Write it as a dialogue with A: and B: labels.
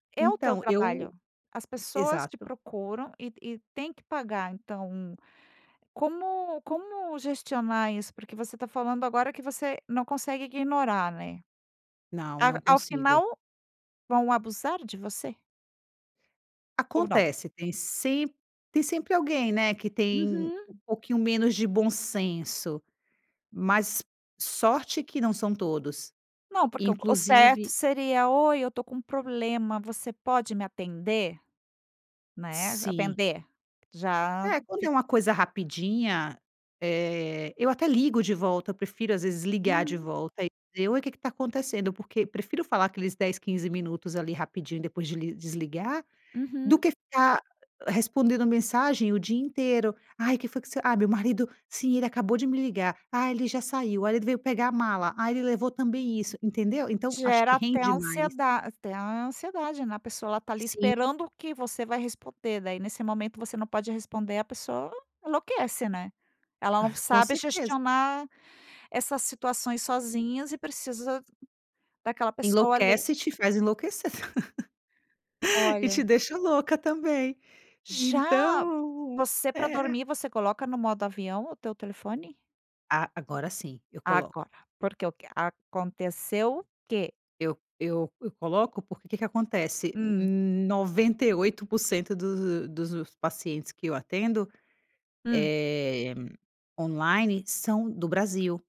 A: É o teu
B: Então
A: trabalho.
B: eu
A: As pessoas te
B: exato.
A: procuram e e tem que pagar, então como como gestionar isso? Porque você tá falando agora que você não consegue ignorar, né?
B: Não,
A: Ao
B: não
A: ao
B: consigo.
A: final vão abusar de você? Ou não?
B: Acontece tem sem tem sempre alguém, né, que tem
A: Uhum.
B: um pouquinho menos de bom senso, mas sorte que não são todos.
A: Não, porque o co o certo
B: Inclusive
A: seria: "Oi, eu tô com problema. Você pode me atender?". Né,
B: Sim.
A: atender. Já
B: É, quando é
A: fi
B: uma coisa rapidinha, eh, eu até ligo de volta. Eu prefiro, às vezes, ligar de
A: Uhum.
B: volta entendeu? "Oi, o que que tá acontecendo?" Porque prefiro falar aqueles 10, 15 minutos, ali, rapidinho depois desli desligar, do
A: Uhum.
B: que ficar respondendo mensagem o dia inteiro. "Ai, que foi que você?"; "Ai, meu marido"; "Sim, ele acabou de me ligar"; "Ai, ele já saiu"; "O marido veio pegar a mala"; "Ai, ele levou também isso". Entendeu? Então acho que
A: Gera até
B: rende mais.
A: ansieda até ansiedade, né? A pessoa, ela tá ali
B: Sim.
A: esperando que você vai responder né? Aí, nesse momento você não pode responder, a pessoa enlouquece, né? Ela
B: Ah,
A: não
B: isso com
A: sabe
B: certeza.
A: gestionar essas situações sozinhas e precisa daquela pessoa, ali.
B: Enlouquece e te faz enlouquecer. E
A: Olha.
B: te deixa louca também.
A: Já.
B: Então,
A: Você, pra
B: é
A: dormir, você coloca no modo avião o teu telefone?
B: A agora, sim. Eu coloco.
A: Agora, porque o que Aconteceu o que?
B: Eu eu eu coloco, porque que que acontece:
A: Hum.
B: 98% dos dos pacientes que eu atendo,
A: Hum.
B: eh, online são do Brasil.